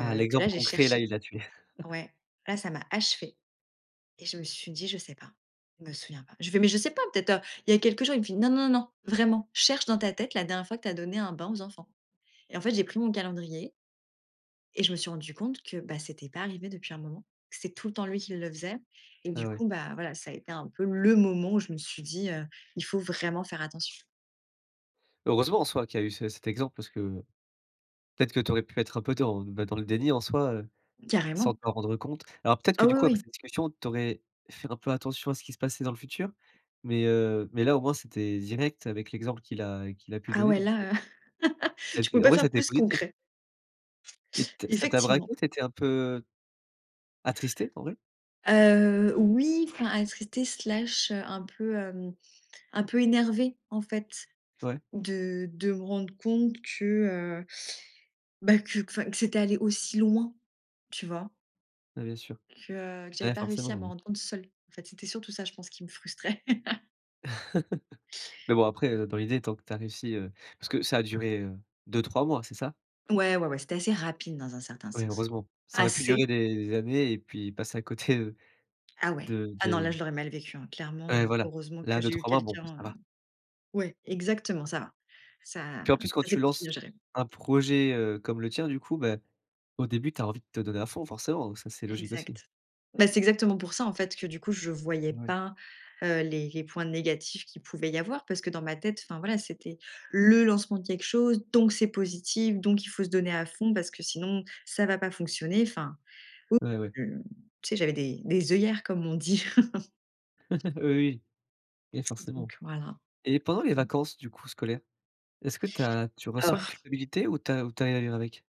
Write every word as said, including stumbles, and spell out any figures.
Ah, que là l'exemple j'ai concret là, cherché. il a tué. Ouais, là, ça m'a achevé et je me suis dit: «Je sais pas, je me souviens pas». Je fais: «Mais je sais pas peut-être, heu, il y a quelques jours», il me fait: «Non, non, non, non, vraiment, cherche dans ta tête la dernière fois que tu as donné un bain aux enfants» et en fait, j'ai pris mon calendrier et je me suis rendue compte que, bah, c'était pas arrivé depuis un moment. C'est tout le temps lui qui le faisait et du Ah, ouais. coup, bah voilà, ça a été un peu le moment où je me suis dit, heu,: «Il faut vraiment faire attention». Heureusement en soi qu'il y a eu ce cet exemple parce que, peut-être que tu aurais pu être un peu dans, beh, dans le déni en soi, heu, sans Carrément. t'en rendre compte. Alors peut-être Ah que du oui, coup après oui. cette discussion, tu aurais fait un peu attention à ce qui se passait dans le futur? Mais, heu, mais là, au moins c'était direct avec l'exemple qu'il a qu'il a pu Ah donner ouais, donc, heu là, heu, ça tu pouvais été en pas vrai ça a faire été plus positif. concret. Et t ça t'a Effectivement. braqué, tu étais un peu attristée, en vrai? Heu, oui, enfin attristée, slash, un peu, hem, un peu énervée en fait Ouais. de de me rendre compte que, heu, bah, que enfin, que c'était allé aussi loin, tu vois? Mais bien sûr. Que, heu, que j'avais Ouais pas réussi à forcément. me Mmh. rendre compte seule. En fait, c'était surtout ça, je pense, qui me frustrait. Mais bon après, heu, dans l'idée, tant que tu as réussi, heu, parce que ça a duré, heu, deux-trois mois, c'est ça? Ouais, ouais, ouais, c'était assez rapide dans un certain Oui sens, heureusement, ça aurait pu durer assez des années et puis passer à côté, heu, Ah, ouais, de ah, non là de je l'aurais mal vécu hein, clairement, Ouais, heu, voilà, heureusement que là, j'ai eu deux-trois mois, bon quelqu'un, ça heu, va. ouais exactement ça va, ça Puis en plus quand ça s'est tu plutôt lances bien géré. un projet, heu, comme le tien du coup, bah, au début tu as envie de te donner à fond forcément, ça, c'est logique aussi. Exact. Bah, c'est exactement pour ça en fait que du coup je voyais Ouais. pas, heu, les les points négatifs qu'il pouvait y avoir parce que dans ma tête, enfin, voilà, c'était le lancement de quelque chose, donc c'est positif, donc il faut se donner à fond parce que sinon ça va pas fonctionner. Enfin, ou Ouais, ouais. je tu sais j'avais des des œillères comme on dit. Oui et forcément Donc voilà, et pendant les mmh. vacances du coup scolaires, est-ce que tu as tu Ah ressens une f culpabilité ou tu as ou tu arrives à vivre avec?